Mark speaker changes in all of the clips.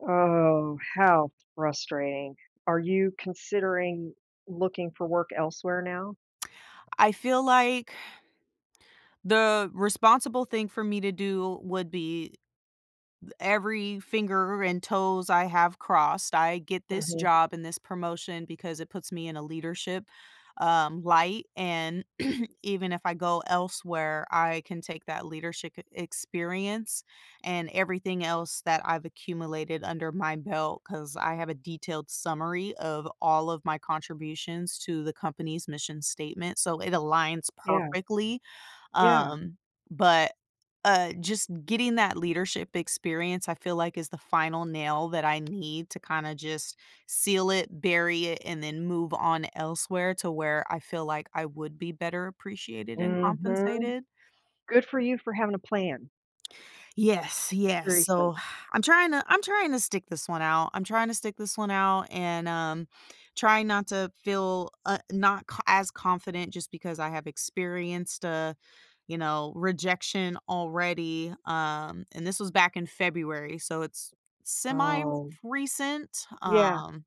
Speaker 1: Oh, how frustrating. Are you considering looking for work elsewhere now?
Speaker 2: I feel like the responsible thing for me to do would be th every finger and toes I have crossed, I get this
Speaker 1: Mhm.
Speaker 2: job and this promotion, because it puts me in a leadership, um, light, and, even if I go elsewhere, I can take that leadershi k experience, and everything else that I've accumulated under my belt, 'cause I have a detailed summary of all of my contributions to the company's mission statement, so it aligns
Speaker 1: Yeah.
Speaker 2: perfectly,
Speaker 1: Yeah.
Speaker 2: um but, uh, just getting that leadership experience, I feel like, is the final nail that I need to kinda just seal it, bury it, and then move on elsewhere, to where I feel like I would be better appreciated and
Speaker 1: Mhm.
Speaker 2: compensated
Speaker 1: Good for you for having a plan.
Speaker 2: Yes, yes,
Speaker 1: Seriously.
Speaker 2: so, I'm tryna I'm trying to stick this one out. I'm trying to stick this one out, and, um, trying not to feel uh, not c as confident, just because I have experienced, uh, you know, rejection already, um, and this was back in February, so it's semi fr
Speaker 1: Oh.
Speaker 2: recent,
Speaker 1: Yeah.
Speaker 2: um,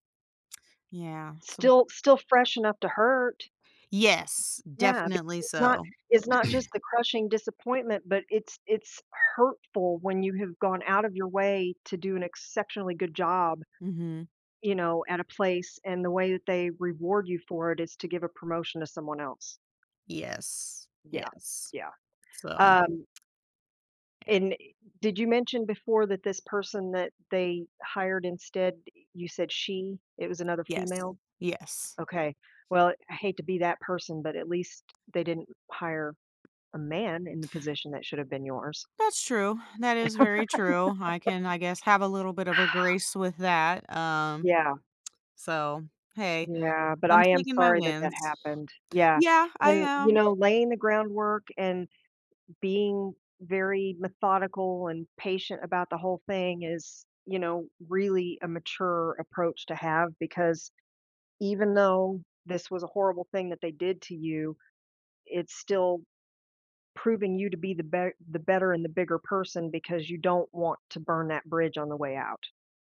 Speaker 2: yeah, so
Speaker 1: Still still fresh enough to hurt.
Speaker 2: Yes.
Speaker 1: Yeah, because
Speaker 2: Definitely
Speaker 1: it's not
Speaker 2: so.
Speaker 1: it's not just the crushing disappointment, but it's it's hurtful when you have gone out of your way to do an exceptionally good job,
Speaker 2: Mhm.
Speaker 1: you know, at a place, and the way that they reward you for it, is to give a promotion to someone else.
Speaker 2: Yes.
Speaker 1: Yeah,
Speaker 2: Yes.
Speaker 1: yeah.
Speaker 2: So
Speaker 1: Um
Speaker 2: Yeah.
Speaker 1: and, i did you mention before that this person that they hired instead, you said she it was another
Speaker 2: Yes.
Speaker 1: female?
Speaker 2: Yes.
Speaker 1: Okay. Well, I hate to be that person, but at least they didn't hire a man in the position that should've been yours.
Speaker 2: That's true. That is very true, I can, I guess, have a little bit of a grace with that, um,
Speaker 1: Yeah.
Speaker 2: so, hey,
Speaker 1: Yeah, but
Speaker 2: I'm
Speaker 1: I am
Speaker 2: taking my
Speaker 1: sorry that that
Speaker 2: wins.
Speaker 1: happened. Yeah.
Speaker 2: Yeah, I
Speaker 1: And, you
Speaker 2: am.
Speaker 1: know, laying the groundwork, and being very methodical, and patient about the whole thing is, you know, really, a mature approach to have, because even though this was a horrible thing that they did to you, it's still proving you to be the ber the better and the bigger person, because you don't want to burn that bridge on the way out.